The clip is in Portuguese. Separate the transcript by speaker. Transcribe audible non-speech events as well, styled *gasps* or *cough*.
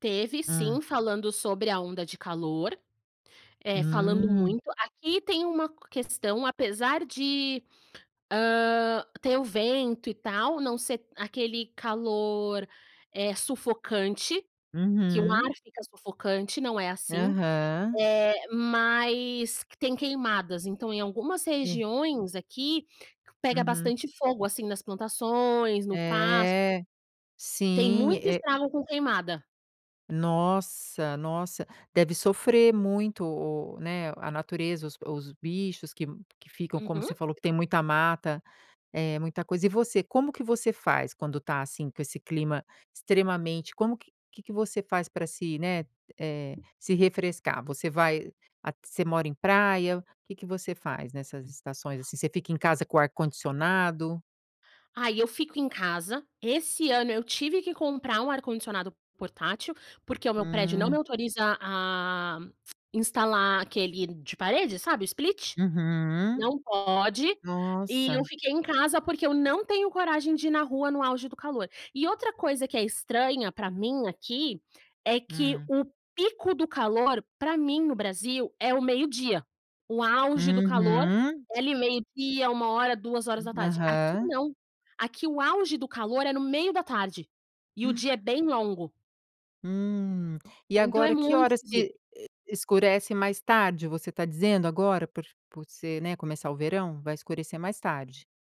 Speaker 1: Teve
Speaker 2: Hã.
Speaker 1: sim, falando sobre a onda de calor, eh, falando
Speaker 2: Hum.
Speaker 1: muito. Aqui tem uma questão, apesar de, hã, ter o vento e tal, não ser aquele calor, eh, sufocante, que o
Speaker 2: Uhum.
Speaker 1: ar fica sufocante, não é assim,
Speaker 2: Aham.
Speaker 1: eh, mas que tem queimadas. Então, em algumas
Speaker 2: É.
Speaker 1: regiões aqui, pega
Speaker 2: Uhum.
Speaker 1: bastante fogo assim nas plantações, no pasto
Speaker 2: É.
Speaker 1: tem
Speaker 2: Sim,
Speaker 1: muito
Speaker 2: é
Speaker 1: estrago com queimada.
Speaker 2: Nossa, nossa! Deve sofrer muito o o né, a natureza os os bichos que que ficam, como
Speaker 1: Uhum.
Speaker 2: você falou que tem muita mata, é muita coisa. E você, como que você faz quando tá, assim, com esse clima extremamente como que o que que você faz pra se, né, eh, se refrescar, você vai at você mora em praia? Que que você faz nessas estações assim? Você fica em casa com o ar-condicionado?
Speaker 1: Ai, eu fico em casa, esse ano eu tive que comprar um ar-condicionado portátil, porque o meu prédio não me
Speaker 2: Hum.
Speaker 1: autoriza a a *clicks tongue* instalar aquele de parede, sabe? O Split.
Speaker 2: Uhum.
Speaker 1: Não pode e eu
Speaker 2: Nossa.
Speaker 1: fiquei em casa porque eu não tenho coragem de ir na rua no auge do calor. E outra coisa que é estranha pra mim aqui, é que
Speaker 2: Hum.
Speaker 1: o pico do calor pra mim no Brasil é o meio dia, o auge do calor
Speaker 2: Uhum.
Speaker 1: é ali meio dia, 13h, 14h. Aqui
Speaker 2: Aham.
Speaker 1: não, aqui o auge do calor é no meio da tarde e o dia é
Speaker 2: *gasps*
Speaker 1: bem longo.
Speaker 2: Hum. E
Speaker 1: Então é
Speaker 2: agora que
Speaker 1: muito
Speaker 2: horas
Speaker 1: de
Speaker 2: que e escurece mais tarde? Você tá dizendo agora por por ser né, começar o verão vai escurecer mais tarde.